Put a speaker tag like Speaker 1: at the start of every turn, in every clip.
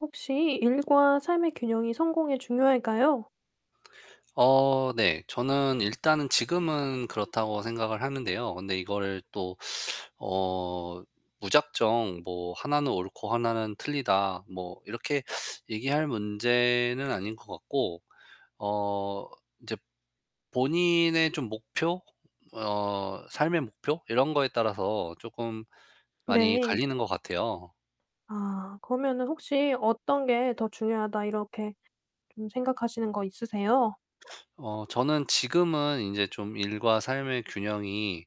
Speaker 1: 혹시 일과 삶의 균형이 성공에 중요할까요?
Speaker 2: 어 네, 저는 일단은 지금은 그렇다고 생각을 하는데요. 근데 이거를 또 어 무작정 뭐 "하나는 옳고 하나는 틀리다." 뭐 이렇게 얘기할 문제는 아닌 것 같고. 어 이제 본인의 좀 목표, 어 삶의 목표 이런 거에 따라서 쪼끔 많이
Speaker 1: 네.
Speaker 2: 갈리는 것 같아요.
Speaker 1: 아, 그러면은 혹시 어떤 게 '더 중요하다.' 이렇게 좀 생각하시는 거 있으세요?
Speaker 2: 어, 저는 지금은 인제 좀 일과 삶의 균형이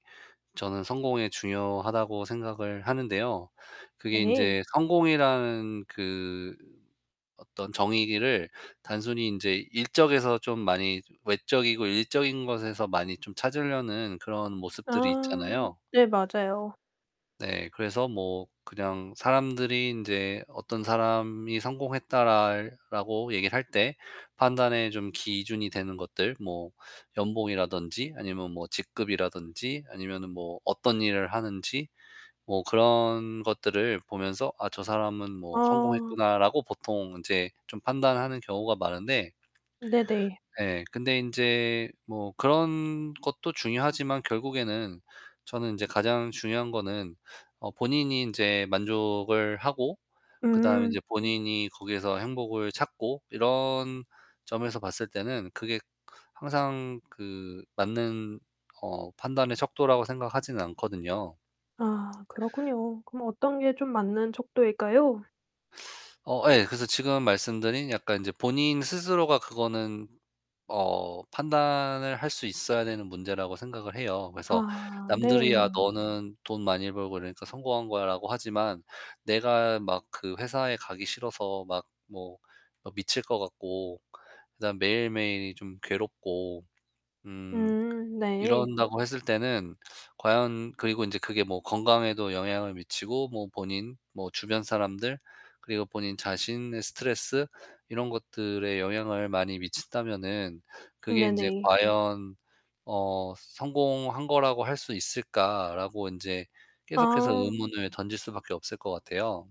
Speaker 2: 저는 성공에 중요하다고 생각을 하는데요. 그게
Speaker 1: 네.
Speaker 2: 인제 성공이라는 그 어떤 정의를 단순히 인제 일적에서 좀 많이 외적이고 일적인 것에서 많이 좀 찾으려는 그런 모습들이
Speaker 1: 아
Speaker 2: 있잖아요.
Speaker 1: 네, 맞아요.
Speaker 2: 네, 그래서 뭐 그냥 사람들이 인제 "어떤 사람이 성공했다."랄 라고 얘기를 할 때 판단의 좀 기준이 되는 것들. 뭐, 연봉이라든지 아니면 뭐 직급이라든지 아니면은 뭐 어떤 일을 하는지 뭐 그런 것들을 보면서 '아, 저 사람은 뭐
Speaker 1: 아.
Speaker 2: 성공했구나.'라고 보통 이제 좀 판단하는 경우가 많은데
Speaker 1: 네네.
Speaker 2: 네, 근데 인제 뭐 그런 것도 중요하지만 결국에는 저는 인제 가장 중요한 거는 어 본인이 인제 만족을 하고 그다음에
Speaker 1: 음.
Speaker 2: 인제 본인이 거기에서 행복을 찾고, 이런 점에서 봤을 때는 그게 항상 그 맞는 어 판단의 척도라고 생각하지는 않거든요.
Speaker 1: 아, 그렇군요. 그럼 어떤 게 좀 맞는 척도일까요?
Speaker 2: 어 예. 그래서 지금 말씀드린 약간 이제 본인 스스로가 그거는 어 판단을 할 수 있어야 되는 문제라고 생각을 해요. 그래서
Speaker 1: 아
Speaker 2: 남들이야
Speaker 1: 네.
Speaker 2: "너는 돈 많이 벌고 이러니까 성공한 거야."라고 하지만 내가 막 그 회사에 가기 싫어서 막 뭐, 뭐 미칠 것 같고 그다음에 매일매일이 좀 괴롭고 음
Speaker 1: 음 네.
Speaker 2: 이런다고 했을 때는 과연 그리고 이제 그게 뭐 건강에도 영향을 미치고 뭐 본인 뭐 주변 사람들 그리고 본인 자신의 스트레스 이런 것들에 영향을 많이 미친다면은 '그게 인제
Speaker 1: 네네.
Speaker 2: 과연 어 성공한 거라고 할 수 있을까?'라고 인제 계속해서
Speaker 1: 아.
Speaker 2: 의문을 던질 수밖에 없을 것 같아요.